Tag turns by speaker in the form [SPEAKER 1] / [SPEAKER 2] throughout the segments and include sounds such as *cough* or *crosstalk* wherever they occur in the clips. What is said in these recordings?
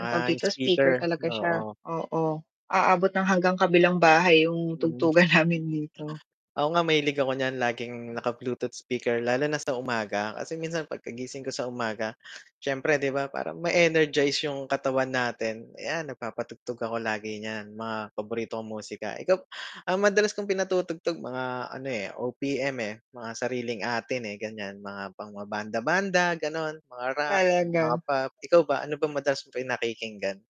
[SPEAKER 1] Ang tawag
[SPEAKER 2] yung
[SPEAKER 1] dito, speaker
[SPEAKER 2] speaker,
[SPEAKER 1] talaga siya,
[SPEAKER 2] oo.
[SPEAKER 1] oo, aabot ng hanggang kabilang bahay yung
[SPEAKER 2] Hmm.
[SPEAKER 1] tugtugan namin dito.
[SPEAKER 2] Ako nga mahilig ako niyan laging naka-bluetooth speaker, lalo na sa umaga kasi minsan pagkagising ko sa umaga, siyempre 'di ba parang ma-energize yung katawan natin, ayan, nagpapatugtog ako lagi niyan mga paborito kong musika. Ikaw ang madalas kong pinatutugtog mga ano eh, OPM eh, mga sariling atin, eh, ganyan, mga pang mga banda, banda ganon, mga rock, mga
[SPEAKER 1] Talaga.
[SPEAKER 2] pop. Ikaw ba ano ba madalas mong pinakikinggan?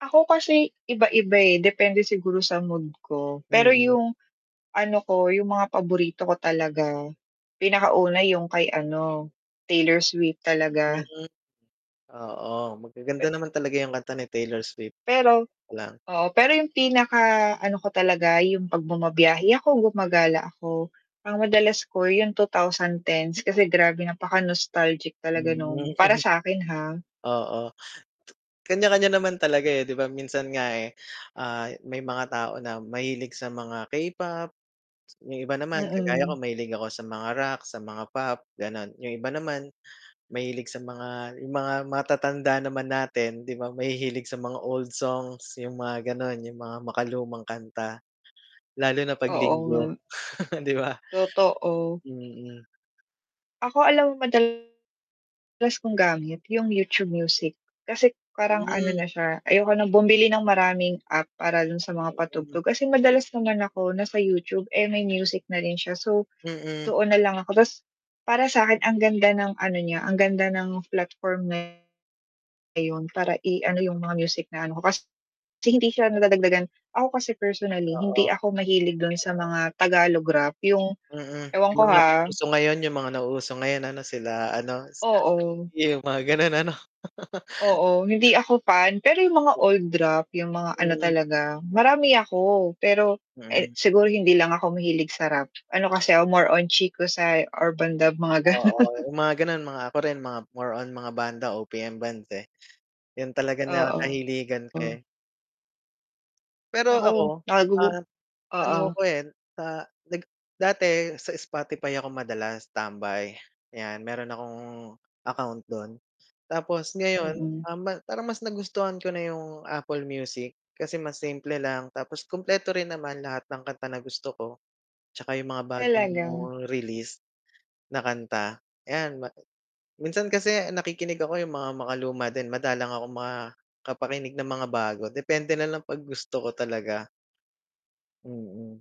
[SPEAKER 1] Ako kasi, iba-iba, eh, depende siguro sa mood ko, pero
[SPEAKER 2] Mm.
[SPEAKER 1] yung ano ko, yung mga paborito ko talaga, pinakauna yung kay ano, Taylor Swift talaga.
[SPEAKER 2] Mm. Oo, magaganda naman talaga yung kanta ni Taylor Swift
[SPEAKER 1] Pero,
[SPEAKER 2] lang.
[SPEAKER 1] oo, pero yung pinaka ano ko talaga, yung 'pag bumabiyahe ako, gumagala ako, ang madalas ko yung 2010's kasi grabe napaka nostalgic talaga
[SPEAKER 2] Hmm.
[SPEAKER 1] nung para sakin, ha.
[SPEAKER 2] Oo, kanya-kanya naman talaga, eh, 'di ba. Minsan nga, eh, ah, may mga tao na mahilig sa mga K-pop, yung iba naman kagaya
[SPEAKER 1] Mm.
[SPEAKER 2] ko mahilig ako sa mga rock, sa mga pop ganon, yung iba naman mahilig sa mga, yung mga matatanda naman natin 'di ba mahihilig sa mga old songs, yung mga ganon, yung mga makalumang kanta lalo na 'pag
[SPEAKER 1] Oo
[SPEAKER 2] linggo
[SPEAKER 1] nga.
[SPEAKER 2] *chuckles* 'di ba?
[SPEAKER 1] Totoo.
[SPEAKER 2] Mm.
[SPEAKER 1] Ako alam mo madalas kong gamit, yung YouTube Music, kasi parang ano
[SPEAKER 2] Hmm.
[SPEAKER 1] na siya, ayoko ng bumili ng maraming app para dun sa mga
[SPEAKER 2] Mm.
[SPEAKER 1] patugtog. Kasi madalas naman ako nasa YouTube, eh, may music na rin siya. So,
[SPEAKER 2] Mm.
[SPEAKER 1] doon nalang ako, 'tas para sakin ang ganda ng ano niya, ang ganda ng platform niya. Ayun para i-ano yung mga music na ano ko, kasi hindi siya nadadagdagan. Ako kasi personally, hindi
[SPEAKER 2] Oo.
[SPEAKER 1] ako mahilig dun sa mga tagalog rap, yung
[SPEAKER 2] Mm,
[SPEAKER 1] ewan
[SPEAKER 2] yung
[SPEAKER 1] ko
[SPEAKER 2] mga
[SPEAKER 1] ha.
[SPEAKER 2] nauso ngayon, yung mga nauuso ngayon ano, sila ano, Skusta
[SPEAKER 1] Oo.
[SPEAKER 2] Clee, yung mga ganun ano? *chuckles*
[SPEAKER 1] Oo, hindi ako fan, pero yung mga old rap, yung mga ano
[SPEAKER 2] Mhm.
[SPEAKER 1] talaga, marami ako. Pero, eh,
[SPEAKER 2] Mhm.
[SPEAKER 1] siguro hindi lang ako mahilig sa rap, ano kasi ako more on Chicosci, Urbandub, mga
[SPEAKER 2] Oo,
[SPEAKER 1] ganon.
[SPEAKER 2] yung mga ganon, mga ako rin, mga more on mga banda, OPM bands, eh, yun talaga nakakahiligan ko
[SPEAKER 1] Oo.
[SPEAKER 2] eh. Pero
[SPEAKER 1] Naku
[SPEAKER 2] ako,
[SPEAKER 1] na *unintelligible*
[SPEAKER 2] ah, ano
[SPEAKER 1] Oo.
[SPEAKER 2] ko, eh, sa nag dati sa Spotify ako madalas tambay, 'yan meron akong account dun tapos ngayon,
[SPEAKER 1] Mm.
[SPEAKER 2] ah, parang mas nagustuhan ko na yung Apple Music kasi mas simple lang, tapos kumpleto rin naman lahat ng kanta na gusto ko. 'Tsaka yung mga bagong
[SPEAKER 1] Talaga.
[SPEAKER 2] release na kanta, ayan ma minsan kasi nakikinig ako yung mga makaluma din, madalang akong makapakinig ng mga bago, depende nalang 'pag gusto ko talaga. Mm.